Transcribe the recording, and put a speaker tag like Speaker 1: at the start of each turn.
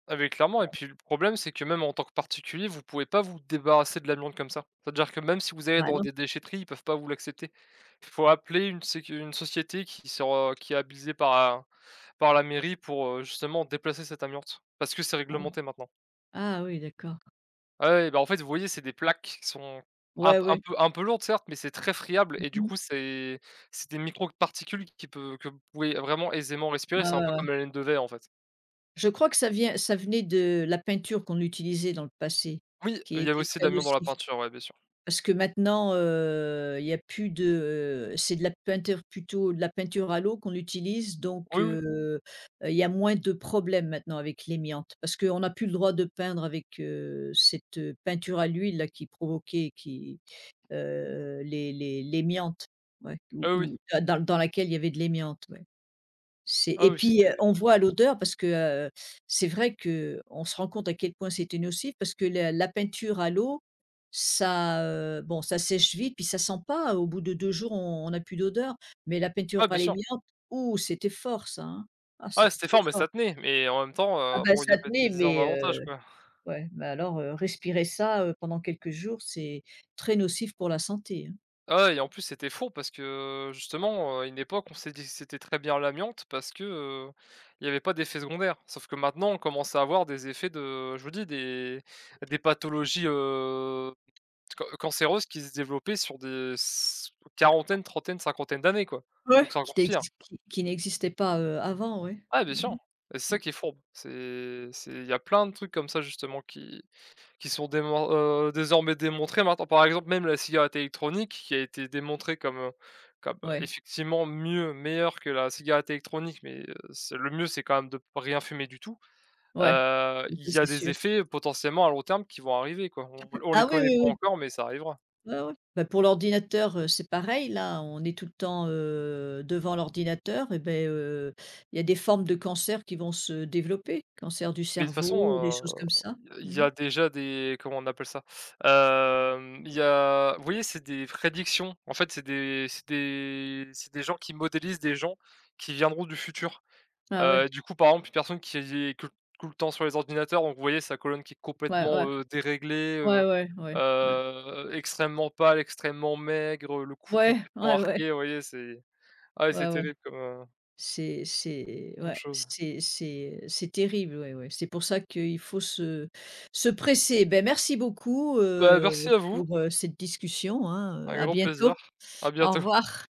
Speaker 1: Ah, beh, clairement et puis le problème c'est que même en tant que particulier vous pouvez pas vous débarrasser de l'amiante comme ça. C'est-à-dire que même si vous allez
Speaker 2: Ben
Speaker 1: dans
Speaker 2: non.
Speaker 1: des déchèteries ils peuvent pas vous l'accepter. Il faut appeler une sécu une société qui sera qui est habilitée par un par la mairie pour, heu, justement déplacer cette amiante. Parce que c'est
Speaker 2: Mmh.
Speaker 1: réglementé maintenant.
Speaker 2: Ah oui d'accord.
Speaker 1: Ah ouais, ben en fait vous voyez c'est des plaques qui qu sont, un
Speaker 2: Ouais,
Speaker 1: p un
Speaker 2: ouais.
Speaker 1: peu un peu lourdes certes mais c'est très friable
Speaker 2: Mmh
Speaker 1: et du
Speaker 2: mh.
Speaker 1: coup c'est c'est des microparticules qui peu que vous pouvez vraiment aisément respirer,
Speaker 2: Ouais,
Speaker 1: c'est un
Speaker 2: ouais,
Speaker 1: peu
Speaker 2: ouais.
Speaker 1: comme la laine de verre en fait.
Speaker 2: Je crois que ça vient ça venait de la peinture qu'on utilisait dans le passé,
Speaker 1: Oui, il
Speaker 2: qui
Speaker 1: y avait
Speaker 2: était
Speaker 1: aussi de
Speaker 2: très
Speaker 1: l'amiante dans la
Speaker 2: nocive.
Speaker 1: peinture, ouais bien sûr.
Speaker 2: Parce que maintenant, heu, il y a plus de, heu, c'est de la peinture plutôt de la peinture à l'eau qu'on utilise donc,
Speaker 1: Oui, oui.
Speaker 2: heu heu, il y a moins de problèmes maintenant avec l'amiante, parce qu'on n'a plus le droit de peindre avec, heu, cette peinture à l'huile là qui provoquait qui, heu, l'é l'é l'amiante, ouais, où
Speaker 1: Ah oui.
Speaker 2: où dans dans dans laquelle il y avait de l'amiante ouais. C'est
Speaker 1: Ah
Speaker 2: et
Speaker 1: oui
Speaker 2: puis, heu,
Speaker 1: c'était
Speaker 2: on voit à l'odeur parce que, heu, c'est vrai que, on se rend compte à quel point c'était nocif parce que la la peinture à l'eau, ça, heu, bon ça sèche vite puis ça sent pas au bout de 2 jours on on n'a plus d'odeur, mais la peinture
Speaker 1: Ouais bien
Speaker 2: à
Speaker 1: sûr.
Speaker 2: l'amiante, ouh, c'était fort ça, hein, ah
Speaker 1: Ah ouais
Speaker 2: c'était
Speaker 1: c'était
Speaker 2: très
Speaker 1: fort, mais
Speaker 2: fort.
Speaker 1: ça tenait, mais en même temps,
Speaker 2: Ah
Speaker 1: heu,
Speaker 2: ben,
Speaker 1: bon il y
Speaker 2: ça
Speaker 1: avait
Speaker 2: tenait
Speaker 1: des énormes
Speaker 2: mais,
Speaker 1: avantages
Speaker 2: heu,
Speaker 1: quoi.
Speaker 2: ouais, mais alors, heu, respirer ça, heu, pendant quelques jours c'est, très nocif pour la santé, hein.
Speaker 1: Ah ouais et en plus c'était fourbe parce que, heu, justement, heu, à une époque on s'est dit c'était très bien l'amiante, parce que, heu, il y avait pas d'effets secondaires. Sauf que maintenant on commence à avoir des effets de je vous dis des bah des pathologies, heu, ce que cancéreuses qui se développaient sur des s quarantaines-trentaines-cinquantaines d'années quoi, donc
Speaker 2: Ouais,
Speaker 1: c'est
Speaker 2: qui
Speaker 1: encore pire.
Speaker 2: n'exis qui qui n'existait pas, heu, avant ouais.
Speaker 1: Ah bien sûr
Speaker 2: Mmh
Speaker 1: et c'est
Speaker 2: mh, mmh.
Speaker 1: ça qui est fourbe. C'est c'est il y plein de trucs comme ça justement qui qui sont démon heu, désormais démontrés maintenant. Par exemple même la cigarette électronique qui a été démontrée comme, heu, comme, heu,
Speaker 2: Ouais.
Speaker 1: effectivement mieux, meilleure que la cigarette électronique mais, heu, c'est le mieux c'est quand même de p rien fumer du tout.
Speaker 2: Ouais,
Speaker 1: Heu,
Speaker 2: oui
Speaker 1: il
Speaker 2: ça
Speaker 1: y a
Speaker 2: c'est
Speaker 1: des
Speaker 2: sûr.
Speaker 1: effets potentiellement à long terme qui vont arriver quoi. On on les
Speaker 2: Ah oui,
Speaker 1: connaît
Speaker 2: oui,
Speaker 1: pas
Speaker 2: oui.
Speaker 1: encore mais ça arrivera.
Speaker 2: Ouais, ouais, ben, pour l'ordinateur, heu, c'est pareil là on est tout le temps, heu, devant l'ordinateur et beh, heu, il y a des formes de cancers qui vont se développer, cancer du
Speaker 1: Mais de toute façon,
Speaker 2: cerveau ou des choses comme ça,
Speaker 1: heu, i il y
Speaker 2: mmh mh.
Speaker 1: a déjà des comment on appelle ça? Hem, il y a vous voyez c'est des prédictions, en fait c'est des c'est des c'est des gens qui modélisent des gens, qui viendront du futur.
Speaker 2: Ah ouais.
Speaker 1: Heu, du coup par exemple une personne qui est que tout le temps sur les ordinateurs donc vous voyez sa colonne qui est
Speaker 2: Ouais,
Speaker 1: complètement,
Speaker 2: ouais.
Speaker 1: heu, déréglée, heu
Speaker 2: Ouais, ouais, ouais, ouais.
Speaker 1: heu, extrêmement pâle, extrêmement maigre, heu, le cou
Speaker 2: Ouais,
Speaker 1: complètement
Speaker 2: ouais, ouais.
Speaker 1: arqué, voyez c'est ah ouais c'est
Speaker 2: Ouais, ouais.
Speaker 1: terrible comme heu
Speaker 2: C'est c'est
Speaker 1: comme
Speaker 2: ouais,
Speaker 1: chose.
Speaker 2: c c'est c'est, heu, c'est terrible ouais, ouais. C'est pour ça qu'il faut se se presser. Ben, merci beaucoup,
Speaker 1: Ben
Speaker 2: heu,
Speaker 1: merci à vous!
Speaker 2: pour, heu, cette discussion, hein, heu,
Speaker 1: Avec
Speaker 2: à
Speaker 1: grand plaisir,
Speaker 2: bientôt,
Speaker 1: à
Speaker 2: au
Speaker 1: bientôt.
Speaker 2: revoir.